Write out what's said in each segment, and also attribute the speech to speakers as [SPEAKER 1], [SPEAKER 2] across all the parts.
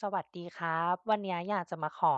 [SPEAKER 1] สวัสดีครับ วันนี้อยากจะมาขอ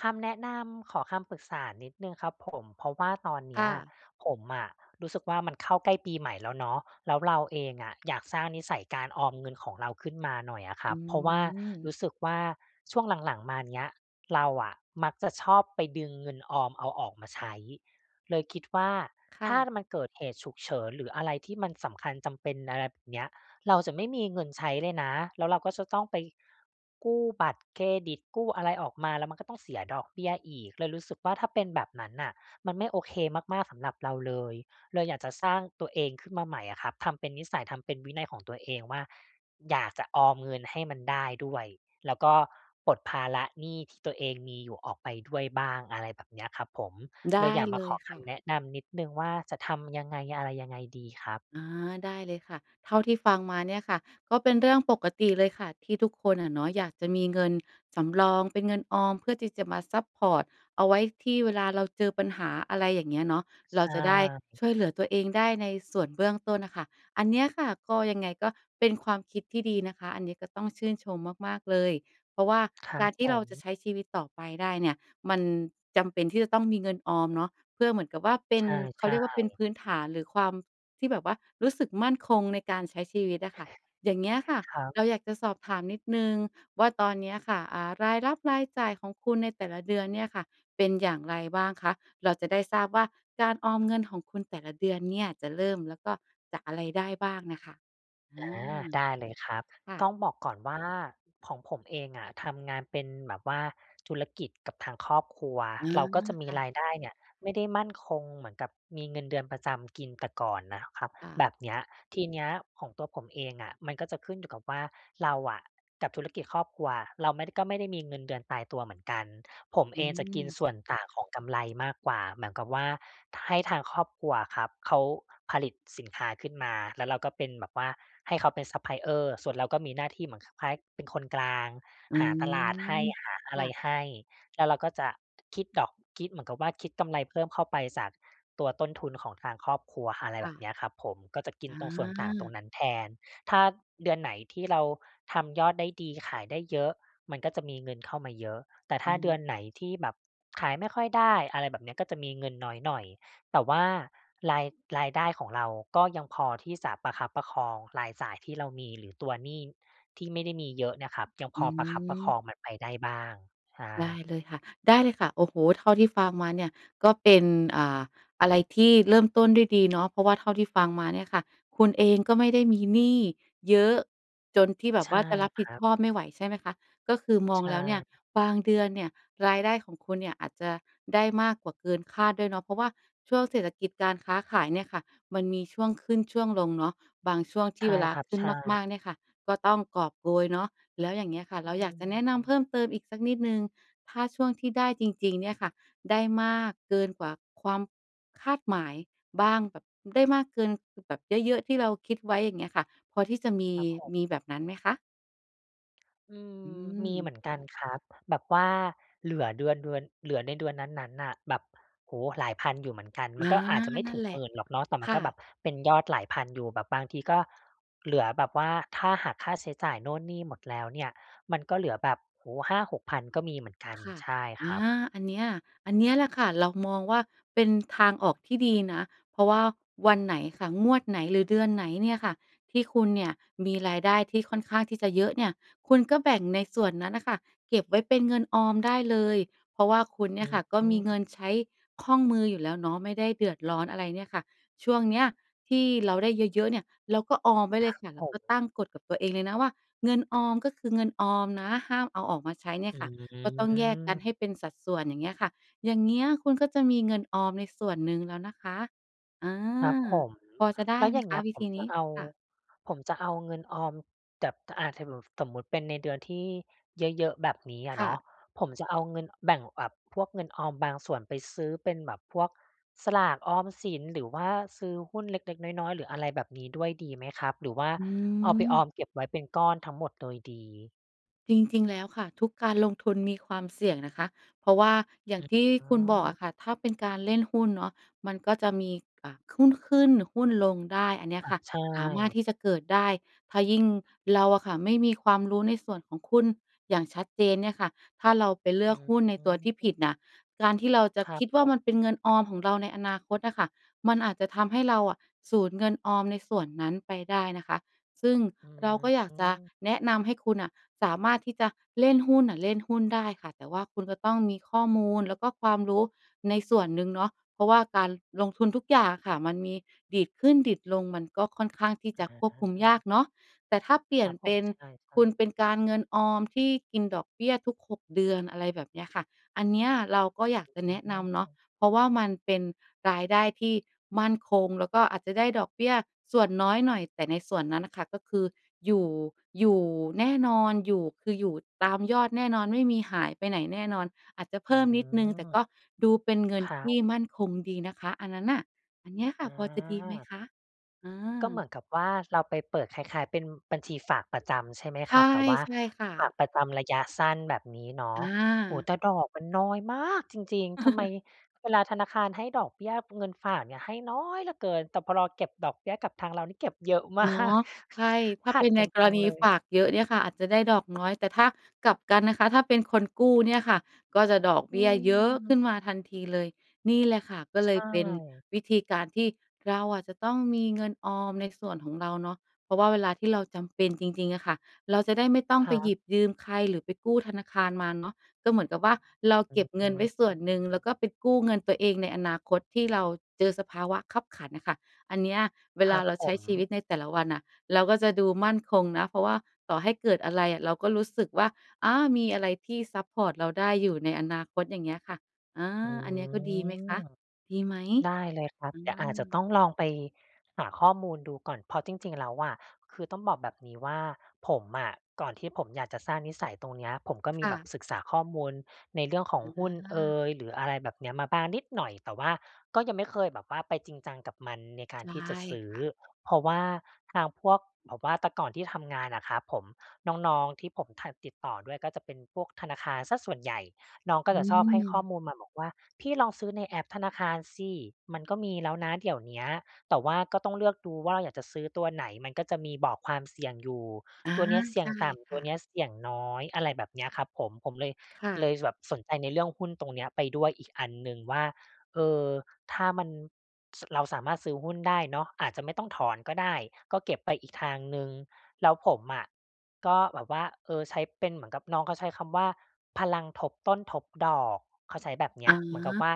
[SPEAKER 1] คำแนะนำ ขอคำปรึกษานิดหนึ่งครับผม เพราะว่าตอนเน
[SPEAKER 2] ค
[SPEAKER 1] ี้
[SPEAKER 2] ่
[SPEAKER 1] ย
[SPEAKER 2] ะ
[SPEAKER 1] ผมอะรู้สึกว่ามันเข้าใกล้ปีใหม่แล้วเนาะ แล้วเราเองอะอยากสร้างนิสัยการออมเงินของเราขึ้นมาหน่อยอะคร
[SPEAKER 2] อื
[SPEAKER 1] ับ เพราะว่าร
[SPEAKER 2] ม
[SPEAKER 1] ู้สึกว่าช่วงหลัง ๆ มาเนี้ย เราอะมักจะชอบไปดึงเงินออมเอาออกมาใช้ เลยคิดว่า
[SPEAKER 2] ค่
[SPEAKER 1] ถ้า
[SPEAKER 2] ะ
[SPEAKER 1] มันเกิดเหตุฉุกเฉินหรืออะไรที่มันสำคัญจำเป็น อะไรแบบเนี้ย เราจะไม่มีเงินใช้เลยนะ แล้วเราก็จะต้องไปกู้บัตรเครดิต กู้อะไรออกมา แล้วมันก็ต้องเสียดอกเบี้ยอีก เลยรู้สึกว่าถ้าเป็นแบบนั้นน่ะมันไม่โอเคมาก ๆ สำหรับเราเลย เลยอยากจะสร้างตัวเองขึ้นมาใหม่อะครับ ทำเป็นนิสัย ทำเป็นวินัยของตัวเองว่า อยากจะออมเงินให้มันได้ด้วย แล้วก็ปลดภาระหนี้ที่ตัวเองมีอยู่ออกไปด้วยบ้าง อะไรแบบเนี้ยครับผม
[SPEAKER 2] ได
[SPEAKER 1] เลย
[SPEAKER 2] ้
[SPEAKER 1] อยากม
[SPEAKER 2] เ
[SPEAKER 1] า
[SPEAKER 2] ล
[SPEAKER 1] ข
[SPEAKER 2] ย
[SPEAKER 1] อ
[SPEAKER 2] ค
[SPEAKER 1] ค
[SPEAKER 2] ่
[SPEAKER 1] ำแ
[SPEAKER 2] ะ
[SPEAKER 1] นะนำนิดหนึ่งว่าจะทำยังไง อะไรยังไงดีครับ?
[SPEAKER 2] อา ได้เลยค่ะ เท่าที่ฟังมาเนี่ยค่ะ ก็เป็นเรื่องปกติเลยค่ะ ที่ทุกคนอะเนาะ อยากจะมีเงินสำรองเป็นเงินออมเพื่อที่จะมาซัปพอร์ต เอาไว้ที่เวลาเราเจอปัญหา อะไรอย่างเงี้ยเนาะ เ
[SPEAKER 1] ใ
[SPEAKER 2] ร
[SPEAKER 1] ช
[SPEAKER 2] าจะได้
[SPEAKER 1] ่
[SPEAKER 2] ช่วยเหลือตัวเองได้ในส่วนเบื้องต้นน่ะค่ะ อันเนี้ยค่ะ ก็ยังไงก็เป็นความคิดที่ดีนะคะ อันนี้ก็ต้องชื่นชมมาก ๆ เลย เพราะว่า
[SPEAKER 1] ครั
[SPEAKER 2] กา
[SPEAKER 1] บ
[SPEAKER 2] รที
[SPEAKER 1] ผ
[SPEAKER 2] ่เราจะ
[SPEAKER 1] ม
[SPEAKER 2] ใช้ชีวิตต่อไปได้เนี่ย มันจำเป็นที่จะต้องมีเงินออมเนาะ เพื่อเหมือนกับว่าเป็
[SPEAKER 1] ใ
[SPEAKER 2] น เข
[SPEAKER 1] ช
[SPEAKER 2] าเ
[SPEAKER 1] ่
[SPEAKER 2] รียกว่าเป็น
[SPEAKER 1] ๆ
[SPEAKER 2] พื้นฐานหรือความ ที่แบบว่ารู้สึกมั่นคงในการใช้ชีวิตอะค่ะ อย่างเงี้ยค่ะ
[SPEAKER 1] ครับ
[SPEAKER 2] เราอยากจะสอบถามนิดหนึ่งว่าตอนเนี้ยค่ะ อา รายรับ รายจ่ายของคุณในแต่ละเดือนเนี่ยค่ะ เป็นอย่างไรบ้างคะ? เราจะได้ทราบว่าการออมเงินของคุณแต่ละเดือนเนี่ยจะเริ่ม แล้วก็ จากอะไรได้บ้างน่ะค่ะ? อ
[SPEAKER 1] อา
[SPEAKER 2] า
[SPEAKER 1] ได้เลยครับ
[SPEAKER 2] ค่
[SPEAKER 1] ต้
[SPEAKER 2] ะ
[SPEAKER 1] องบอกก่อนว่า ของผมเองอะ ทำงานเป็นแบบว่าธุรกิจกับทางครอบครัว
[SPEAKER 2] อ๋อ
[SPEAKER 1] เราก็จะม
[SPEAKER 2] ค
[SPEAKER 1] ี
[SPEAKER 2] ่
[SPEAKER 1] รา
[SPEAKER 2] ะ
[SPEAKER 1] ยได้เนี่ย ไม่ได้มั่นคงเหมือนกับมีเงินเดือนประจำกินแต่ก่อนน่ะครับ
[SPEAKER 2] ค่ะ
[SPEAKER 1] แบบเนี้ย ทีเนี้ยของตัวผมเองอะมันก็จะขึ้นอยู่กับว่าเราอะ กับธุรกิจครอบครัว เราไม่ ก็ไม่ได้มีเงินเดือนตายตัวเหมือนกัน ผม
[SPEAKER 2] อ
[SPEAKER 1] เ
[SPEAKER 2] ื
[SPEAKER 1] องจะกิน
[SPEAKER 2] ม
[SPEAKER 1] ส่วนต่างของกำไรมากกว่า เหมือนกับว่าให้ทางครอบครัวอะครับ เขาผลิตสินค้าขึ้นมาแล้วเราก็เป็นแบบว่าให้เขาเป็นซัปพลายเออร์ ส่วนเราก็มีหน้าที่เหมือนคล้ายเป็นคนกลาง
[SPEAKER 2] อื
[SPEAKER 1] หาตลาดให้
[SPEAKER 2] ม
[SPEAKER 1] หา
[SPEAKER 2] ค
[SPEAKER 1] อะไ
[SPEAKER 2] ่
[SPEAKER 1] ร
[SPEAKER 2] ะ
[SPEAKER 1] ให้ แล้วเราก็จะคิดดอก คิดเหมือนกับว่าคิดกำไรเพิ่มเข้าไปจากตัวต้นทุนของทางครอบครัว อะไร
[SPEAKER 2] ค
[SPEAKER 1] แบ
[SPEAKER 2] ่
[SPEAKER 1] บ
[SPEAKER 2] ะ
[SPEAKER 1] เนี้ยครับผม ก็จะกินตรงส่วนต่างตรง
[SPEAKER 2] อา
[SPEAKER 1] นั้นแทน ถ้าเดือนไหนที่เราทำยอดได้ดีขายได้เยอะ มันก็จะมีเงินเข้ามาเยอะ แต่ถ้าเด
[SPEAKER 2] อ
[SPEAKER 1] ื
[SPEAKER 2] า
[SPEAKER 1] อนไหนที่แบบขายไม่ค่อยได้ อะไรแบบเนี้ย ก็จะมีเงินน้อยหน่อย แต่ว่าราย รายได้ของเราก็ยังพอที่จะประคับประคองรายจ่ายที่เรามีหรือตัวหนี้ที่ไม่ได้มีเยอะนะครับ ยัง
[SPEAKER 2] อ
[SPEAKER 1] พ
[SPEAKER 2] ื
[SPEAKER 1] อประคับประค
[SPEAKER 2] ม
[SPEAKER 1] องมันไปได้บ้าง ใช
[SPEAKER 2] ได้
[SPEAKER 1] ่
[SPEAKER 2] เลยค่ะ ได้เลยค่ะ โอ้โฮ เท่าที่ฟังมาเนี่ยก็เป็น อ่า อะไรที่เริ่มต้นได้ดีเนาะ เพราะว่าเท่าที่ฟังมาเนี่ยค่ะ คุณเองก็ไม่ได้มีหนี้เยอะจนที่แบ
[SPEAKER 1] ใ
[SPEAKER 2] บ
[SPEAKER 1] ช
[SPEAKER 2] ว
[SPEAKER 1] ่
[SPEAKER 2] ่าจะรับ
[SPEAKER 1] ค
[SPEAKER 2] ผิ
[SPEAKER 1] ร
[SPEAKER 2] ด
[SPEAKER 1] ั
[SPEAKER 2] ช
[SPEAKER 1] บ
[SPEAKER 2] อบไม่ไหว ใช่ไหมคะ? ก็คือมอ
[SPEAKER 1] ใช
[SPEAKER 2] งแล้วเนี่ย
[SPEAKER 1] ่
[SPEAKER 2] บางเดือนเนี่ยรายได้ของคุณเนี่ยอาจจะได้มากกว่าเกินคาดด้วยเนาะ เพราะว่าช่วงเศรษฐกิจการค้าขายเนี่ยค่ะ มันมีช่วงขึ้นช่วงลงเนาะ บางช่วงท
[SPEAKER 1] ใ
[SPEAKER 2] ี
[SPEAKER 1] ช
[SPEAKER 2] ่
[SPEAKER 1] ่
[SPEAKER 2] เวลา
[SPEAKER 1] ครับ
[SPEAKER 2] ขึ้
[SPEAKER 1] ใช
[SPEAKER 2] นม
[SPEAKER 1] ่
[SPEAKER 2] าก ๆ เนี่ยค่ะ ก็ต้องกอบโกยเนาะ แล้วอย่างเงี้ยค่ะ
[SPEAKER 1] อ
[SPEAKER 2] เร
[SPEAKER 1] ื
[SPEAKER 2] าอยากจะแนะนำเ
[SPEAKER 1] ม
[SPEAKER 2] พิ่มเติมอีกสักนิดหนึ่ง ถ้าช่วงที่ได้จริง ๆ เนี่ยค่ะ ได้มากเกินกว่าความคาดหมายบ้างแบบ ได้มากเกินแบบเยอะ ๆ ที่เราคิดไว้ อย่างเงี้ยค่ะ พอที่จะมี
[SPEAKER 1] ครับผม
[SPEAKER 2] มีแบบนั้นไหมคะ?
[SPEAKER 1] อื
[SPEAKER 2] อื
[SPEAKER 1] ม มีเห
[SPEAKER 2] ม
[SPEAKER 1] มือนกันครับ แบบว่าเหลือ เดือน เดือน เหลือในเดือนนั้น ๆ น่ะ แบบ โอ้โฮ หลายพันอยู่เหมือนกัน
[SPEAKER 2] อ
[SPEAKER 1] มัน
[SPEAKER 2] า
[SPEAKER 1] ก็อาจจะไม่
[SPEAKER 2] นั
[SPEAKER 1] ถ
[SPEAKER 2] ่
[SPEAKER 1] ึ
[SPEAKER 2] น
[SPEAKER 1] ง
[SPEAKER 2] แหล
[SPEAKER 1] ห
[SPEAKER 2] ะ
[SPEAKER 1] มื่น หรอกเนาะ แต่
[SPEAKER 2] ค
[SPEAKER 1] มัน
[SPEAKER 2] ่
[SPEAKER 1] ก็แบ
[SPEAKER 2] ะ
[SPEAKER 1] บเป็นยอดหลายพันอยู่ แบบบางทีก็ เหลือแบบว่า ถ้าหักค่าใช้จ่ายนู่นนี่หมดแล้วเนี่ย มันก็เหลือแบบ โอ้โฮ 5-6,000 ก็มีเหมือนกัน
[SPEAKER 2] ค่ะ
[SPEAKER 1] ใช่ค
[SPEAKER 2] อ
[SPEAKER 1] ร
[SPEAKER 2] า
[SPEAKER 1] ับ
[SPEAKER 2] อันเนี้ย อันเนี้ยแหละค่ะ เรามองว่าเป็นทางออกที่ดีนะ เพราะว่าวันไหนค่ะ งวดไหน หรือเดือนไหนเนี่ยค่ะที่คุณเนี่ยมีรายได้ที่ค่อนข้างที่จะเยอะเนี่ย คุณก็แบ่งในส่วนนั้นน่ะค่ะ เก็บไว้เป็นเงินออมได้เลย เพราะว่าคุณเน
[SPEAKER 1] อ
[SPEAKER 2] ี
[SPEAKER 1] ื
[SPEAKER 2] ่ยค
[SPEAKER 1] อ
[SPEAKER 2] ่ะก็
[SPEAKER 1] อื
[SPEAKER 2] มีเงิน
[SPEAKER 1] ม
[SPEAKER 2] ใช้คล่องมืออยู่แล้วเนาะ ไม่ได้เดือดร้อนอะไรเนี่ยค่ะ ช่วงเนี้ยที่เราได้เยอะ ๆ เนี่ย เราก็ออมไว้เ
[SPEAKER 1] ค
[SPEAKER 2] ล
[SPEAKER 1] รั
[SPEAKER 2] ย
[SPEAKER 1] บ
[SPEAKER 2] ค่ะ แ
[SPEAKER 1] ผ
[SPEAKER 2] ล้วก็
[SPEAKER 1] ม
[SPEAKER 2] ตั้งกฎกับตัวเองเลยนะว่า เงินออมก็คือเงินออมนะ ห้ามเอาออกมาใช้เนี่ย
[SPEAKER 1] อื
[SPEAKER 2] ค่ะ ก็ต้องแยกกัน
[SPEAKER 1] อ
[SPEAKER 2] ให้เป็นสัดส่วน อย่างเงี้ยค่ะ อย่างเงี้ยคุณก็จะมีเงินออมในส่วนหนึ่งแล้วนะคะ อา
[SPEAKER 1] ครับผม
[SPEAKER 2] พอจะได
[SPEAKER 1] แ
[SPEAKER 2] ้
[SPEAKER 1] ล้ว
[SPEAKER 2] ไหม
[SPEAKER 1] อย่างเ
[SPEAKER 2] ค
[SPEAKER 1] ง
[SPEAKER 2] ะ
[SPEAKER 1] ี้ย
[SPEAKER 2] วิ
[SPEAKER 1] ผ
[SPEAKER 2] ธ
[SPEAKER 1] ม
[SPEAKER 2] ีน
[SPEAKER 1] จะ
[SPEAKER 2] ี้?
[SPEAKER 1] เอา
[SPEAKER 2] ค่ะ
[SPEAKER 1] ผมจะเอาเงินออมแบบ อา ถึงหนูสมมุติเป็นในเดือนที่เยอะ ๆ แบบนี้อะ
[SPEAKER 2] ค
[SPEAKER 1] เน
[SPEAKER 2] ่
[SPEAKER 1] าะ
[SPEAKER 2] ะ
[SPEAKER 1] ผมจะเอาเงินแบ่งแอบ พวกเงินออมบางส่วนไปซื้อเป็นแบบพวกสลากออมสิน หรือว่าซื้อหุ้นเล็ก ๆ น้อย ๆ หรืออะไรแบบนี้ด้วยดีไหมครับ? หรือว่า
[SPEAKER 2] อ
[SPEAKER 1] เอาไปออ
[SPEAKER 2] ืม
[SPEAKER 1] มเก็บไว้เป็นก้อนทั้งหมดโดยดี?
[SPEAKER 2] จริง ๆ แล้วค่ะ ทุกการลงทุนมีความเสี่ยงนะคะ เพราะว่าอย่า
[SPEAKER 1] อ
[SPEAKER 2] ง
[SPEAKER 1] ือ
[SPEAKER 2] ที่
[SPEAKER 1] อ๋
[SPEAKER 2] ค
[SPEAKER 1] อ
[SPEAKER 2] ุณบอกอะค่ะ ถ้าเป็นการเล่นหุ้นเนาะมันก็จะมี อ่า หุ้นขึ้นหุ้นลงได้ อันเนี้ย
[SPEAKER 1] อะ
[SPEAKER 2] ค่ะ
[SPEAKER 1] ใช
[SPEAKER 2] สามารถ
[SPEAKER 1] ่
[SPEAKER 2] ที่จะเกิดได้ ถ้ายิ่งเราอะค่ะไม่มีความรู้ในส่วนของหุ้นอย่างชัดเจนเนี่ยค่ะ ถ้าเราไปเล
[SPEAKER 1] อ
[SPEAKER 2] ือกหุ้นในตัวที่ผิ
[SPEAKER 1] ืม
[SPEAKER 2] ดน่ะ การที่เราจะ
[SPEAKER 1] ครั
[SPEAKER 2] ค
[SPEAKER 1] บ
[SPEAKER 2] ิดว
[SPEAKER 1] ผ
[SPEAKER 2] ่า ม
[SPEAKER 1] ม
[SPEAKER 2] ันเป็นเงินออมของเราในอนาคตอะค่ะ มันอาจจะทำให้เราอะสูญเงินออมในส่วนนั้นไปได้นะคะ ซึ่ง
[SPEAKER 1] อื
[SPEAKER 2] เราก็อยากจะ
[SPEAKER 1] ม
[SPEAKER 2] แนะนำให้คุณน่ะ สามารถที่จะเล่นหุ้นน่ะเล่นหุ้นได้ค่ะ แต่ว่าคุณก็ต้องมีข้อมูลแล้วก็ความรู้ในส่วนหนึ่งเนาะ เพราะว่าการลงทุนทุกอย่างอะค่ะมันมีดีดขึ้นดีดลง มันก็ค่อนข้างที่จะค
[SPEAKER 1] อ
[SPEAKER 2] วบคุมยาก
[SPEAKER 1] า
[SPEAKER 2] เนาะ แต่ถ้าเปลี่
[SPEAKER 1] ค
[SPEAKER 2] ย
[SPEAKER 1] ร
[SPEAKER 2] น
[SPEAKER 1] ับผ
[SPEAKER 2] เป
[SPEAKER 1] ม
[SPEAKER 2] ็น
[SPEAKER 1] ใช
[SPEAKER 2] ค
[SPEAKER 1] ่
[SPEAKER 2] ุณ
[SPEAKER 1] ๆ
[SPEAKER 2] เป็น การเงินออมที่กินดอกเบี้ย ทุก 6 เดือน อะไรแบบเนี้ยค่ะ อันเนี้ยเราก็อยากจ
[SPEAKER 1] อ
[SPEAKER 2] ะแนะ
[SPEAKER 1] ื
[SPEAKER 2] นำเนาะ
[SPEAKER 1] ม
[SPEAKER 2] เพราะว่ามันเป็นรายได้ที่มั่นคงแล้วก็อาจจะได้ดอกเบี้ยส่วนน้อยหน่อย แต่ในส่วนนั้นค่ะก็คืออยู่ อยู่แน่นอน อยู่ คืออยู่ตามยอดแน่นอน ไม่มีหายไปไหนแน่นอน อาจจะเพ
[SPEAKER 1] อื
[SPEAKER 2] ิ่มนิดหนึ่งแต่ก
[SPEAKER 1] ม
[SPEAKER 2] ็ดูเป็นเงิ
[SPEAKER 1] ค
[SPEAKER 2] น
[SPEAKER 1] ร
[SPEAKER 2] ท
[SPEAKER 1] ับ
[SPEAKER 2] ี่มั่นคงดีนะคะ อันนั้นน่ะ อันเนี้ยค่ะ
[SPEAKER 1] อ
[SPEAKER 2] พอจะดีไหม
[SPEAKER 1] า
[SPEAKER 2] คะ? อ
[SPEAKER 1] ก็เห
[SPEAKER 2] า
[SPEAKER 1] มือนกับว่า เราไปเปิดคล้าย ๆ เป็นบัญชีฝากประจำใช่ไหม
[SPEAKER 2] ใช
[SPEAKER 1] ค
[SPEAKER 2] ่
[SPEAKER 1] รับ แต่ว่า
[SPEAKER 2] ใช่ค่
[SPEAKER 1] ฝา
[SPEAKER 2] ะ
[SPEAKER 1] กประจำระยะสั้น แบบนี้เนาะ
[SPEAKER 2] อ
[SPEAKER 1] โอ้โฮ!
[SPEAKER 2] า
[SPEAKER 1] แต่ดอกมันน้อยมากจริง ๆ ทำไมเวลาธนาคารให้ดอกเบี้ยเงินฝากเนี่ยให้น้อยเหลือเกิน แต่พอ รอเก็บดอกเบี้ยกับทางเรานี่เก็บเยอะมา
[SPEAKER 2] เนา
[SPEAKER 1] ก
[SPEAKER 2] ะ ใช่ ถ้
[SPEAKER 1] ข
[SPEAKER 2] า
[SPEAKER 1] ั
[SPEAKER 2] เป
[SPEAKER 1] ด
[SPEAKER 2] ็นใ
[SPEAKER 1] ก
[SPEAKER 2] น
[SPEAKER 1] ัน
[SPEAKER 2] ก
[SPEAKER 1] จ
[SPEAKER 2] ร
[SPEAKER 1] ัง
[SPEAKER 2] ณี
[SPEAKER 1] เลย
[SPEAKER 2] ฝากเยอะเนี่ยค่ะอาจจะได้ดอกน้อย แต่ถ้ากลับกันนะคะ ถ้าเป็นคนกู้เนี่ยค่ะก็จะดอกเ
[SPEAKER 1] อ
[SPEAKER 2] บ
[SPEAKER 1] ื
[SPEAKER 2] ี้ยเยอะขึ้
[SPEAKER 1] ม
[SPEAKER 2] นมาทันทีเลย นี่แหละค่ะก็
[SPEAKER 1] ใช
[SPEAKER 2] เลยเป็น
[SPEAKER 1] ่
[SPEAKER 2] วิธีการที่เราอาจจะต้องมีเงินออมในส่วนของเราเนาะ เพราะว่าเวลาที่เราจำเป็นจริง ๆ อะค่ะ เราจะได้ไม่ต้อ
[SPEAKER 1] ค
[SPEAKER 2] งไป
[SPEAKER 1] รั
[SPEAKER 2] หย
[SPEAKER 1] บ
[SPEAKER 2] ิบยืมใครหรือไปกู้ธนาคารมาเนาะ ก็เหมือนกับว่า เรา
[SPEAKER 1] อื
[SPEAKER 2] เก็บเงินไว้ส่วน
[SPEAKER 1] ม
[SPEAKER 2] หนึ่งแล้วก็ไปกู้เงินตัวเองในอนาคต ที่เราเจอสภาวะคับขันน่ะค่ะ อันเนี้ยเว
[SPEAKER 1] ค
[SPEAKER 2] ล
[SPEAKER 1] รั
[SPEAKER 2] า
[SPEAKER 1] บ
[SPEAKER 2] เรา
[SPEAKER 1] ผ
[SPEAKER 2] ใช้
[SPEAKER 1] ม
[SPEAKER 2] ชีวิตในแต่ละวันอะเราก็จะดูมั่นคงนะ เพราะว่าต่อให้เกิดอะไรอะเราก็รู้สึกว่า อา มีอะไรที่ซัปพอร์ตเราได้อยู่ในอนาคต อย่างเงี้ยค่ะ อา
[SPEAKER 1] อื
[SPEAKER 2] อันเนี้ยก็ดีไหมค
[SPEAKER 1] ม
[SPEAKER 2] ะ? ดีไหม?
[SPEAKER 1] ได้เลยครับ
[SPEAKER 2] อ
[SPEAKER 1] เดี๋ยวอาจจะ
[SPEAKER 2] า
[SPEAKER 1] ต้องลองไปหาข้อมูลดูก่อน เพราะจริง ๆ แล้วอะ คือต้องบอกแบบนี้ว่า ผมอะ ก่อนที่ผมอยากจะสร้างนิสัยตรงเนี้ย ผมก็
[SPEAKER 2] ค
[SPEAKER 1] มี
[SPEAKER 2] ่
[SPEAKER 1] แบ
[SPEAKER 2] ะ
[SPEAKER 1] บศึกษาข้อมูลในเรื่องของ
[SPEAKER 2] อ
[SPEAKER 1] หุ้นเอ
[SPEAKER 2] า
[SPEAKER 1] ย หรืออะไรแบบเนี้ยมาบ้างนิดหน่อย แต่ว่าก็ยังไม่เคยแบบว่าไปจริงจังกับมันในกา
[SPEAKER 2] ใ
[SPEAKER 1] ร
[SPEAKER 2] ช่
[SPEAKER 1] ที่จะซื
[SPEAKER 2] ค
[SPEAKER 1] ้อ
[SPEAKER 2] ่ะ
[SPEAKER 1] เพราะว่าทางพวกแบบว่า แต่ก่อนที่ทำงานอะครับผม น้อง ๆ ที่ผมถนัดติดต่อด้วยก็จะเป็นพวกธนาคารเสียส่วนใหญ่ น้องก็
[SPEAKER 2] อื
[SPEAKER 1] จะชอบให้ข้อ
[SPEAKER 2] ม
[SPEAKER 1] มูลมาบอกว่า "พี่ลองซื้อในแอปธนาคารสิ มันก็มีแล้วนะเดี๋ยวเนี้ย แต่ว่าก็ต้องเลือกดูว่า เราอยากจะซื้อตัวไหน? มันก็จะมีบอกความเสี่ยงอยู่
[SPEAKER 2] อา
[SPEAKER 1] ตัวเนี้ยเสี่
[SPEAKER 2] ใช
[SPEAKER 1] ยง
[SPEAKER 2] ่
[SPEAKER 1] ต่
[SPEAKER 2] ค
[SPEAKER 1] ำ ตั
[SPEAKER 2] ่
[SPEAKER 1] ว
[SPEAKER 2] ะ
[SPEAKER 1] เนี้ยเสี่ยงน้อย" อะไรแบบเนี้ยครับผม ผมเลย
[SPEAKER 2] ค่
[SPEAKER 1] เล
[SPEAKER 2] ะ
[SPEAKER 1] ยแบบสนใจในเรื่องหุ้นตรงเนี้ยไปด้วยอีกอันหนึ่งว่า เออ ถ้ามัน ส เราสามารถซื้อหุ้นได้เนาะ อาจจะไม่ต้องถอนก็ได้ ก็เก็บไปอีกทางหนึ่ง แล้วผมอะก็แบบว่า เออ ใช้เป็น เหมือนกับน้องเขาใช้คำว่า "พลังทบต้นทบดอก" เขาใช้แบบเนี
[SPEAKER 2] อ
[SPEAKER 1] ้ย เหมือนกับ
[SPEAKER 2] า
[SPEAKER 1] ว่า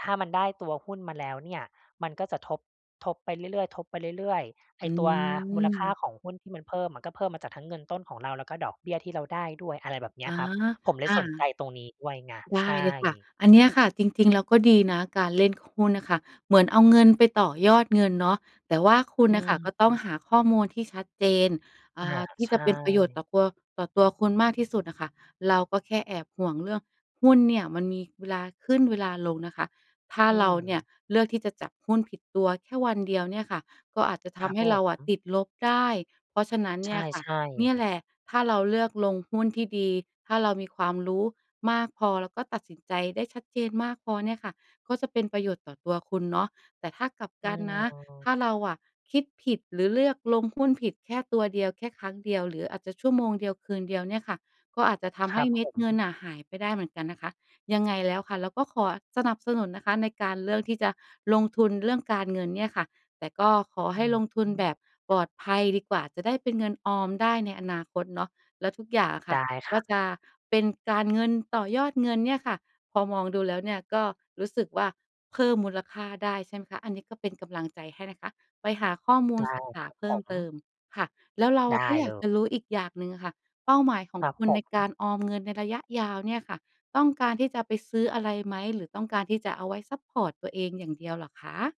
[SPEAKER 1] ถ้ามันได้ตัวหุ้นมาแล้วเนี่ยมันก็จะทบ ทบไปเรื่อย ๆ ทบไปเรื่อย ๆ ไอ
[SPEAKER 2] อื
[SPEAKER 1] ้ตัวมูลค่า
[SPEAKER 2] ม
[SPEAKER 1] ของหุ้นที่มันเพิ่ม มันก็เพิ่มมาจากทั้งเงินต้นของเราแล้วก็ดอกเบี้ยที่เราได้ด้วย อะไรแบบเนี
[SPEAKER 2] อ
[SPEAKER 1] ้ย
[SPEAKER 2] า
[SPEAKER 1] ครับ ผมเล
[SPEAKER 2] อ
[SPEAKER 1] ยสนใ
[SPEAKER 2] า
[SPEAKER 1] จตรงนี้ด้วยไง
[SPEAKER 2] ได
[SPEAKER 1] ใช
[SPEAKER 2] ้เลยค่ะ
[SPEAKER 1] ่
[SPEAKER 2] อันเนี้ยค่ะจริง ๆ แล้วก็ดีนะ การเล่นหุ้นน่ะค่ะ เหมือนเอาเงินไปต่อยอดเงินเนาะ แต่ว่าคุ
[SPEAKER 1] อ
[SPEAKER 2] ณ
[SPEAKER 1] ื
[SPEAKER 2] น่ะค่ะก็ต้อง
[SPEAKER 1] ม
[SPEAKER 2] หาข้อมูลที่ชัดเจน อ
[SPEAKER 1] อ
[SPEAKER 2] ่
[SPEAKER 1] า
[SPEAKER 2] า ที่
[SPEAKER 1] ใช
[SPEAKER 2] จะ
[SPEAKER 1] ่
[SPEAKER 2] เป็นประโยชน์ต่อตัว ต่อตัวคุณมากที่สุดอะค่ะ เราก็แค่แอบห่วงเรื่องหุ้นเนี่ยมันมีเวลาขึ้นเวลาลงนะคะ ถ้า
[SPEAKER 1] อื
[SPEAKER 2] เราเนี่ย
[SPEAKER 1] ม
[SPEAKER 2] เลือกที่จะจับหุ้นผิดตัวแค่วันเดียวเนี่ยค่ะ ก็อาจจะท
[SPEAKER 1] ครับ
[SPEAKER 2] ำให
[SPEAKER 1] ผ
[SPEAKER 2] ้เราอะ
[SPEAKER 1] ม
[SPEAKER 2] ติดลบได้ เพราะฉะนั้น
[SPEAKER 1] ใ
[SPEAKER 2] เน
[SPEAKER 1] ช
[SPEAKER 2] ี่ยค่ะ
[SPEAKER 1] ่
[SPEAKER 2] เนี่ย
[SPEAKER 1] ๆ
[SPEAKER 2] แหละ ถ้าเราเลือกลงหุ้นที่ดี ถ้าเรามีความรู้มากพอ แล้วก็ตัดสินใจได้ชัดเจนมากพอเนี่ยค่ะ ก็จะเป็นประโยชน์ต่อตัวคุณเนาะ แต่ถ้ากลับ
[SPEAKER 1] อ
[SPEAKER 2] ก
[SPEAKER 1] ื
[SPEAKER 2] ันนะ ถ
[SPEAKER 1] ม
[SPEAKER 2] ้าเราอะคิดผิดหรือเลือกลงหุ้นผิด แค่ตัวเดียว แค่ครั้งเดียว หรืออาจจะชั่วโมงเดียว คืนเดียวเนี่ยค่ะ ก็อาจจะท
[SPEAKER 1] ค
[SPEAKER 2] ำ
[SPEAKER 1] ร
[SPEAKER 2] ให้
[SPEAKER 1] ับ
[SPEAKER 2] เม
[SPEAKER 1] ผ
[SPEAKER 2] ็ดเงิ
[SPEAKER 1] ม
[SPEAKER 2] นน่ะหายไปได้เหมือนกันนะคะ ยังไงแล้วค่ะเราก็ขอสนับสนุนนะคะในการเลือกที่จะลงทุนเรื่องการเงินเนี่ยค่ะ แต่ก็ขอ
[SPEAKER 1] อ
[SPEAKER 2] ให้ลงทุนแ
[SPEAKER 1] ืม
[SPEAKER 2] บบปลอดภัยดีกว่า จะได้เป็นเงินออมได้ในอนาคตเนาะ แล้วทุกอย่างอะค่
[SPEAKER 1] ได
[SPEAKER 2] ะ
[SPEAKER 1] ้ค
[SPEAKER 2] ก็
[SPEAKER 1] รับ
[SPEAKER 2] จะเป็นการเงินต่อยอดเงินเนี่ยค่ะ พอมองดูแล้วเนี่ยก็รู้สึกว่า เพิ่มมูลค่าได้ใช่ไหมคะ อันนี้ก็เป็นกำลังใจให้นะคะ ไปหาข้อมู
[SPEAKER 1] ได
[SPEAKER 2] ล
[SPEAKER 1] ้
[SPEAKER 2] ศึกษ
[SPEAKER 1] ค
[SPEAKER 2] า
[SPEAKER 1] รับ
[SPEAKER 2] เพิ
[SPEAKER 1] ผ
[SPEAKER 2] ่มเติ
[SPEAKER 1] ม
[SPEAKER 2] มค่ะ แล้วเรา
[SPEAKER 1] ไ
[SPEAKER 2] อ
[SPEAKER 1] ด
[SPEAKER 2] ะก
[SPEAKER 1] ้
[SPEAKER 2] ็อย
[SPEAKER 1] เ
[SPEAKER 2] า
[SPEAKER 1] ล
[SPEAKER 2] ก
[SPEAKER 1] ย
[SPEAKER 2] จะรู้อีกอย่างหนึ่งอะค่ะ เป้าหมายขอ
[SPEAKER 1] ค
[SPEAKER 2] ง
[SPEAKER 1] รับ
[SPEAKER 2] คุณ
[SPEAKER 1] ผ
[SPEAKER 2] ในก
[SPEAKER 1] ม
[SPEAKER 2] ารออมเงินในระยะยาวเนี่ยค่ะ ต้องการที่จะไปซื้ออะไรไหม? หรือต้องการที่จะเอาไว้ซัปพอร์ตตัวเองอย่างเดียวเหรอคะ?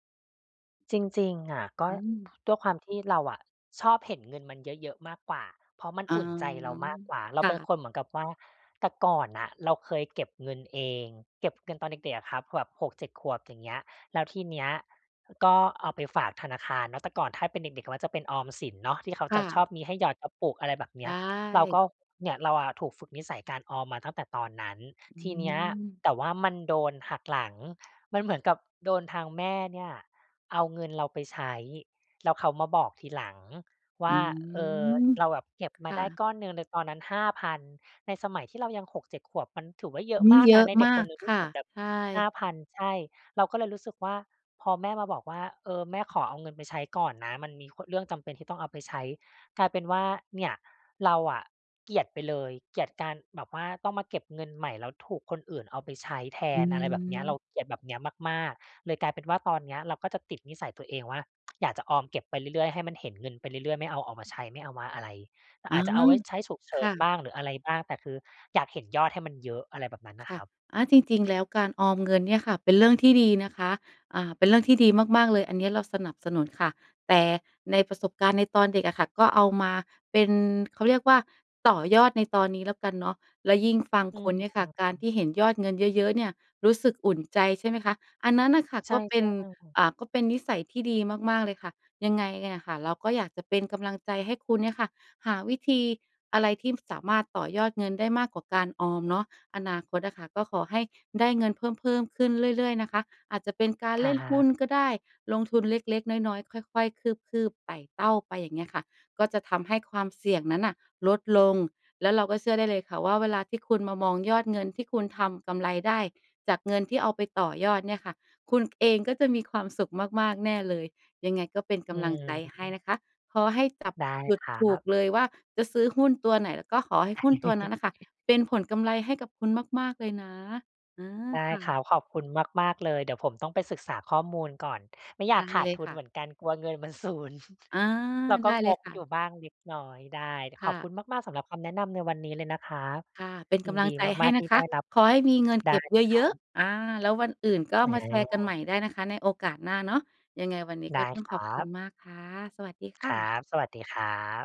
[SPEAKER 1] จริง ๆ อะ ก็
[SPEAKER 2] อื
[SPEAKER 1] พ
[SPEAKER 2] ม
[SPEAKER 1] ด้วยความที่เราอะชอบเห็นเงินมันเยอะ ๆ มากกว่า เพราะมัน
[SPEAKER 2] อ๋อ
[SPEAKER 1] อุ่นใจเรามากกว่า เร
[SPEAKER 2] ค
[SPEAKER 1] า
[SPEAKER 2] ่
[SPEAKER 1] เป็น
[SPEAKER 2] ะ
[SPEAKER 1] คนเหมือนกับว่า แต่ก่อนน่ะเราเคยเก็บเงินเอง เก็บเงินตอนเด็ก ๆ อะครับ แบบ 6-7 ขวบ อย่างเงี้ย แล้วทีเนี้ยก็เอาไปฝากธนาคารเนาะ แต่ก่อนถ้าเป็นเด็ก ๆ มักจะเป็นออมสินเนาะ ที่เขา
[SPEAKER 2] ค
[SPEAKER 1] จ
[SPEAKER 2] ่
[SPEAKER 1] ะชอ
[SPEAKER 2] ะ
[SPEAKER 1] บมีให้หยอดกระปุก อะไรแบบเ
[SPEAKER 2] ไ
[SPEAKER 1] นี้
[SPEAKER 2] ด
[SPEAKER 1] ย เราก
[SPEAKER 2] ้
[SPEAKER 1] ็ เนี่ยเราอะถูกฝึกนิสัยการออมมาตั้งแต่ตอนนั้น
[SPEAKER 2] อื
[SPEAKER 1] ทีเนี้ย
[SPEAKER 2] ม
[SPEAKER 1] แต่ว่ามันโดนหักหลัง มันเหมือนกับโดนทางแม่เนี่ยเอาเงินเราไปใช้ แล้วเขามาบอกทีหลังว
[SPEAKER 2] อ
[SPEAKER 1] ่
[SPEAKER 2] ื
[SPEAKER 1] า เอ่อ
[SPEAKER 2] ม
[SPEAKER 1] เราแบบเก็บม
[SPEAKER 2] ค
[SPEAKER 1] า
[SPEAKER 2] ่
[SPEAKER 1] ได้
[SPEAKER 2] ะ
[SPEAKER 1] ก้อนหนึ่งในตอนนั้น 5,000 ในสมัยที่เรายัง 6-7 ขวบ มันถือว่าเยอ
[SPEAKER 2] อ
[SPEAKER 1] ะ
[SPEAKER 2] ื
[SPEAKER 1] ม
[SPEAKER 2] ม
[SPEAKER 1] าก
[SPEAKER 2] เย
[SPEAKER 1] น
[SPEAKER 2] อ
[SPEAKER 1] ะ
[SPEAKER 2] ะ
[SPEAKER 1] ในเด็
[SPEAKER 2] มา
[SPEAKER 1] กค
[SPEAKER 2] ก
[SPEAKER 1] นหนึ่งท
[SPEAKER 2] ค
[SPEAKER 1] ี่
[SPEAKER 2] ่
[SPEAKER 1] เก
[SPEAKER 2] ะ
[SPEAKER 1] ็บแบบ
[SPEAKER 2] ใช่
[SPEAKER 1] 5,000 ใช่ เราก็เลยรู้สึกว่า พอแม่มาบอกว่า เอ่อ "แม่ขอเอาเงินไปใช้ก่อนนะ มันมี โคะ เรื่องจำเป็นที่ต้องเอาไปใช้" กลายเป็นว่าเนี่ยเราอะเกลียดไปเลย เกลียดการแบบว่าต้องมาเก็บเงินใหม่ แล้วถูกคนอื่นเอาไปใช้แท
[SPEAKER 2] อื
[SPEAKER 1] น อะไรแบบเนี้ย เร
[SPEAKER 2] ม
[SPEAKER 1] าเกลียดแบบเนี้ยมาก ๆ เลยกลายเป็นว่าตอนเนี้ย เราก็จะติดนิสัยตัวเองว่า อยากจะออมเก็บไปเรื่อย ๆ ให้มันเห็นเงินไปเรื่อย ๆ ไม่เอาออกมาใช้ ไม่เอามาอะไร
[SPEAKER 2] อ๋อ
[SPEAKER 1] อาจจะเอาไว้ใช้ฉุกเฉ
[SPEAKER 2] ค
[SPEAKER 1] ิ
[SPEAKER 2] ่
[SPEAKER 1] นบ
[SPEAKER 2] ะ
[SPEAKER 1] ้างหรืออะไรบ้าง แต่คืออยากเห็นยอดให้มันเยอะ อะไรแบบนั้นน่
[SPEAKER 2] ค
[SPEAKER 1] ะค
[SPEAKER 2] ่ะ
[SPEAKER 1] รับ
[SPEAKER 2] อา จริง ๆ แล้วการออมเงินเนี่ยค่ะ เป็นเรื่องที่ดีนะคะ อ่า เป็นเรื่องที่ดีมาก ๆ เลยอันนี้เราสนับสนุนค่ะ แต่ในประสบการณ์ในตอนเด็กอะค่ะ ก็เอามาเป็น เขาเรียกว่าต่อยอดในตอนนี้แล้วกันเนาะ แล้วยิ่งฟัง
[SPEAKER 1] อื
[SPEAKER 2] คุณเนี่ยค
[SPEAKER 1] ม
[SPEAKER 2] ่ะ การที่เห็นยอดเงินเยอะ ๆ เนี่ย รู้สึกอุ่นใจใช่ไหมคะ? อันนั้นน่ะค่ะ
[SPEAKER 1] ใช
[SPEAKER 2] ก
[SPEAKER 1] ่
[SPEAKER 2] ็เป็น
[SPEAKER 1] ๆ
[SPEAKER 2] อ่า ก็เป็นนิสัยที่ดีมาก ๆ เลยค่ะ ยังไงเนี่ยน่ะค่ะ เราก็อยากจะเป็นกำลังใจให้คุณเนี่ยค่ะ หาวิธีอะไรที่ ม สามารถต่อยอดเงินได้มากกว่าการออมเนาะ อนาคตอะค่ะ ก็ขอให้ได้เงินเพิ่ม ๆ ขึ้นเรื่อย ๆ นะคะ อาจจะเป็นกา
[SPEAKER 1] ค
[SPEAKER 2] ร
[SPEAKER 1] ร
[SPEAKER 2] เล่นหุ้น
[SPEAKER 1] ับ
[SPEAKER 2] ก็ได้ ลงทุนเล็ก ๆ น้อย ๆ ค่อย ๆ คืบ ๆ ไต่เต้าไป อย่างเงี้ยค่ะ ก็จะทำให้ความเสี่ยงนั้นน่ะลดลง แล้วเราก็เชื่อได้เลยค่ะว่า เวลาที่คุณมามองยอดเงินที่คุณทำกำไรได้จากเงินที่เอาไปต่อยอดเนี่ยค่ะ คุณเองก็จะมีความสุขมาก ๆ แน่เลย ยังไงก็เป็นก
[SPEAKER 1] อื
[SPEAKER 2] ำลังใจให้
[SPEAKER 1] ม
[SPEAKER 2] นะคะ ขอให้จับ
[SPEAKER 1] ได้
[SPEAKER 2] จุด
[SPEAKER 1] ครั
[SPEAKER 2] ถูก
[SPEAKER 1] บ
[SPEAKER 2] เลยว่าจะซื้อหุ้นตัวไหน แล้วก็ขอให้หุ้นตัวนั้นน่ะค่ะเป็นผลกำไรให้กับคุณมาก ๆ เลยนะ อือ
[SPEAKER 1] ได้
[SPEAKER 2] ค่
[SPEAKER 1] คร
[SPEAKER 2] ะ
[SPEAKER 1] ับ ขอบคุณมาก ๆ เลย เดี๋ยวผมต้องไปศึกษาข้อมูลก่อน ไม่อย
[SPEAKER 2] ได
[SPEAKER 1] าก
[SPEAKER 2] ้
[SPEAKER 1] ขาด
[SPEAKER 2] เลย
[SPEAKER 1] ทุ
[SPEAKER 2] ค
[SPEAKER 1] น
[SPEAKER 2] ่
[SPEAKER 1] เหม
[SPEAKER 2] ะ
[SPEAKER 1] ือนกันกลัวเงินมัน สูญ
[SPEAKER 2] อา
[SPEAKER 1] เราก
[SPEAKER 2] ไ
[SPEAKER 1] ็
[SPEAKER 2] ด้
[SPEAKER 1] ง
[SPEAKER 2] เลย
[SPEAKER 1] ก
[SPEAKER 2] ค่
[SPEAKER 1] อยู
[SPEAKER 2] ะ
[SPEAKER 1] ่บ้างเล็กน้อย ได้ ด
[SPEAKER 2] ค
[SPEAKER 1] ข
[SPEAKER 2] ่
[SPEAKER 1] อบ
[SPEAKER 2] ะ
[SPEAKER 1] คุณมาก ๆ สำหรับคำแนะนำในวันนี้เลยนะครับ
[SPEAKER 2] ค่ะ เป็น
[SPEAKER 1] ย
[SPEAKER 2] ก
[SPEAKER 1] ิน
[SPEAKER 2] ำลั
[SPEAKER 1] ดี
[SPEAKER 2] งใจให
[SPEAKER 1] ม
[SPEAKER 2] ้
[SPEAKER 1] าก ๆ
[SPEAKER 2] น
[SPEAKER 1] ที
[SPEAKER 2] ะ
[SPEAKER 1] ่
[SPEAKER 2] ค
[SPEAKER 1] ได
[SPEAKER 2] ะ
[SPEAKER 1] ้รับ
[SPEAKER 2] ขอให้มีเงิน
[SPEAKER 1] ได
[SPEAKER 2] เ
[SPEAKER 1] ้
[SPEAKER 2] ก็บ
[SPEAKER 1] ค
[SPEAKER 2] เ
[SPEAKER 1] ร
[SPEAKER 2] ย
[SPEAKER 1] ั
[SPEAKER 2] อะ
[SPEAKER 1] บ
[SPEAKER 2] ๆ อา แล้ววันอื่นก็
[SPEAKER 1] อ๋
[SPEAKER 2] มาแชร์กันใหม
[SPEAKER 1] อ
[SPEAKER 2] ่ได้นะคะในโอกาสหน้าเนาะ ยังไงวันนี้
[SPEAKER 1] ได
[SPEAKER 2] ก
[SPEAKER 1] ้
[SPEAKER 2] ็ต้อ
[SPEAKER 1] ค
[SPEAKER 2] ง
[SPEAKER 1] ร
[SPEAKER 2] ขอ
[SPEAKER 1] ั
[SPEAKER 2] บคุ
[SPEAKER 1] บ
[SPEAKER 2] ณมากค่ะ สวัสดีค
[SPEAKER 1] ค
[SPEAKER 2] ่
[SPEAKER 1] รั
[SPEAKER 2] ะ
[SPEAKER 1] บ สวัสดีครับ